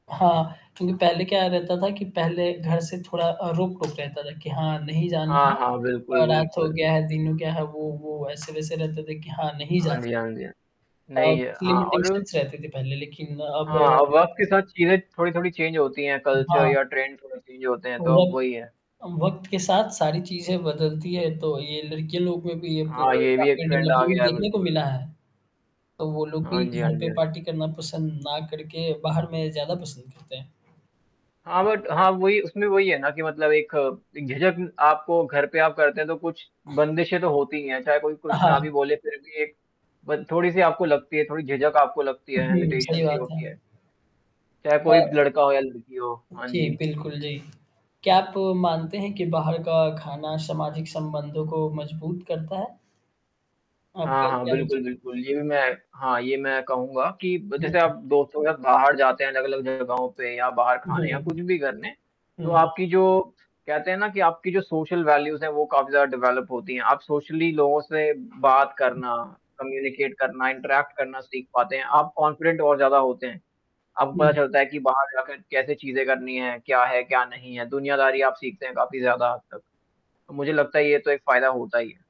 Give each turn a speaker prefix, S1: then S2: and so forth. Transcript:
S1: हाँ, क्योंकि पहले क्या रहता था कि पहले घर से थोड़ा अ, रोक-टोक रहता था कि हाँ नहीं जाना है।
S2: हाँ, हाँ,
S1: और
S2: बिल्कुल,
S1: रात हो
S2: बिल्कुल।
S1: गया है, दिन हो गया है, वो वो, ऐसे-वैसे रहते थे कि हाँ, नहीं जा
S2: हाँ
S1: सकते।
S2: जी, हाँ जी, हाँ।
S1: अ,
S2: नहीं ये
S1: कुछ
S2: हाँ और?
S1: लिमिटेशंस रहते थे, पहले लेकिन अब
S2: हाँ, अब वक़्त के साथ चीज़ें थोड़ी-थोड़ी चेंज होती हैं
S1: उम,
S2: कल्चर
S1: हाँ।
S2: या ट्रेंड थोड़े चेंज होते हैं, तो अब
S1: वक़्त
S2: वही है।
S1: अ, वक़्त के साथ सारी चीज़ें बदलती हैं तो ये लड़कियों लोग में भी ये
S2: हाँ, ये
S1: पूर
S2: भी एक
S1: आपके
S2: ट्रेंड आ
S1: डेवलपमेंट
S2: गया है,
S1: देखने को
S2: बिल्कुल।
S1: मिला है, तो वो लोग
S2: हाँ
S1: भी
S2: जी, हाँ
S1: घर
S2: जी,
S1: पे
S2: हाँ जी।
S1: पार्टी करना पसंद ना करके बाहर में ज़्यादा पसंद करते हैं।
S2: हाँ, बट हाँ वही उसमें वही है ना कि मतलब एक अ, एक झिझक आपको घर पे आप करते हैं तो कुछ बंदिशें तो होती ही हैं, चाहे कोई कुछ ना भी
S1: हाँ।
S2: बोले फिर भी एक ब थोड़ी-सी आपको लगती है, थोड़ी झिझक आपको लगती है,
S1: जी, सही
S2: हेंज़िटेशन्स सी ही
S1: बात है।
S2: होती है। चाहे कोई
S1: अ
S2: लड़का हो या लड़की हो, हाँ
S1: जी,
S2: जी।
S1: बिल्कुल जी। क्या आप मानते हैं कि बाहर का खाना सामाजिक संबंधों को मज़बूत करता है?
S2: हाँ,
S1: आपका
S2: हाँ,
S1: क्या विच
S2: बिल्कुल, बिल्कुल, ये भी मैं हाँ, ये मैं कहूँगा कि ब जैसे
S1: हुँ।
S2: आप दोस्तों के साथ बाहर जाते हैं अलग-अलग जगहों पे या बाहर खाने या
S1: हुँ,
S2: कुछ भी करने। तो
S1: हुँ।
S2: आपकी जो कहते हैं ना कि आपकी जो सोशल वैल्यूज़ हैं वो काफ़ी ज़्यादा डेवेलप होती हैं। आप सोशली लोगों से बात करना कम्युनिकेट करना इंट्रैक्ट करना सीख पाते हैं। आप कॉन्फिडेंट और ज़्यादा होते हैं। अपको पता
S1: जी।
S2: चलता है कि बाहर जाकर कैसे चीज़ें करनी हैं, क्या है, क्या नहीं है, दुनियादारी आप सीख सकते हैं काफ़ी ज़्यादा हद तक। तो मुझे लगता है ये तो एक फ़ायदा होता ही है।